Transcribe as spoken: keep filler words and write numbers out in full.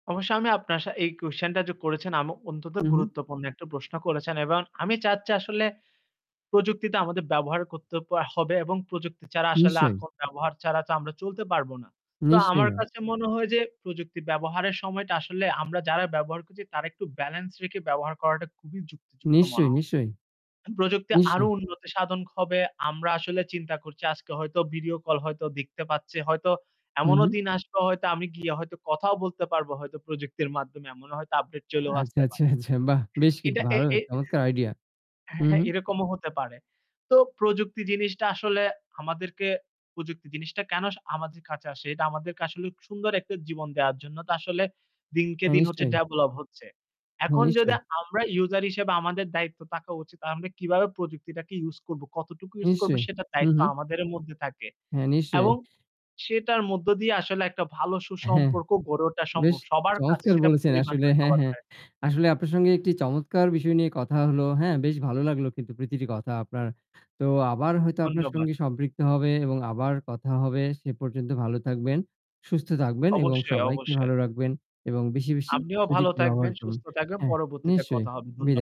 অবশ্যই আমি আপনার এই কোশ্চেন টা যে করেছেন আমি অন্তত হু, হু। গুরুত্বপূর্ণ একটা প্রশ্ন করেছেন এবং আমি চাচ্ছি আসলে প্রযুক্তিটা আমাদের ব্যবহার করতে আ হবে এবং প্রযুক্তি ছাড়া আসলে নিশ্চয়ই। এখন ব্যবহার ছাড়া তো আমরা চলতে পারবো না। তো নিশ্চয়ই আমার না। কাছে মনে হয় যে প্রযুক্তি ব্যবহারের সময়টা আসলে আমরা যারা ব্যবহার করছি, তারা একটু ব্যালেন্স রেখে ব্যবহার করাটা খুবই যুক্তিযুক্ত মনে নিশ্চয়ই, হয়। নিশ্চয়ই, প্রযুক্তি আরও নিশ্চয়ই। উন্নতি সাধন হবে। আমরা আসলে চিন্তা করছি আজকে হয়তো ভিডিও কল হয়তো দেখতে পাচ্ছি। হয়তো হু, এমনও হু। দিন আসবে হয়তো আমি গিয়ে হয়তো কথাও বলতে পারবো হয়তো। প্রযুক্তির মাধ্যমে এমনও হয়তো আপডেট চলেও আচ্ছা, আসতে আচ্ছা, পারে। আচ্ছা বাহ! বেশ কিন্তু এটা এ ভালো। এ চমৎকার আইডিয়া। হু, হ্যাঁ, হ্যাঁ হু। এরকমও হতে পারে। তো প্রযুক্তি জিনিসটা আসলে আমাদেরকে প্রযুক্তি জিনিসটা কেন আমাদের কাছে আসে, এটা আমাদেরকে আসলে সুন্দর একটা জীবন দেওয়ার জন্য। তো আসলে দিনকে হ্যাঁ দিন হচ্ছে নিশ্চয়ই। ডেভেলপ হচ্ছে। হ্যাঁ এখন যদি নিশ্চয়ই। আমরা ইউজার হিসেবে আমাদের দায়িত্ব তাকা উচিত আমরা কিভাবে প্রযুক্তিটাকে ইউস করব, কতটুকু ইউস করব নিশ্চয়ই, সেটার হু, দায়িত্ব হু। আমাদের মধ্যে থাকে হ্যাঁ নিশ্চয়ই। এবং সেটার মধ্য দিয়ে আসলে একটা ভালো হ্যাঁ, সুসম্পর্ক গড়ে ওঠা বেশ সম্ভব। সবার কাছে চমৎকার সেটা বলেছেন, পরিমাণ আসলে নয় হ্যাঁ, সবার হ্যাঁ। কাছে। আসলে আপনার সঙ্গে একটি চমৎকার বিষয় নিয়ে কথা হলো। হ্যাঁ, বেশ ভালো লাগলো কিন্তু প্রতিটি কথা আপনার। তো আবার হয়তো আপনার ধন্যবাদ। সঙ্গে সম্পৃক্ত হবে এবং আবার কথা হবে। সে পর্যন্ত ভালো থাকবেন, সুস্থ থাকবেন এবং অবশ্যই, সবাইকে অবশ্যই। ভালো রাখবেন এবং বেশি, বেশি আপনিও ভালো প্রযুক্তি ব্যবহার থাকবেন, করবেন। সুস্থ থাকবেন। হ্যাঁ, পরবর্তীতে নিশ্চয়ই কথা হবে। ধন্য বিদায়।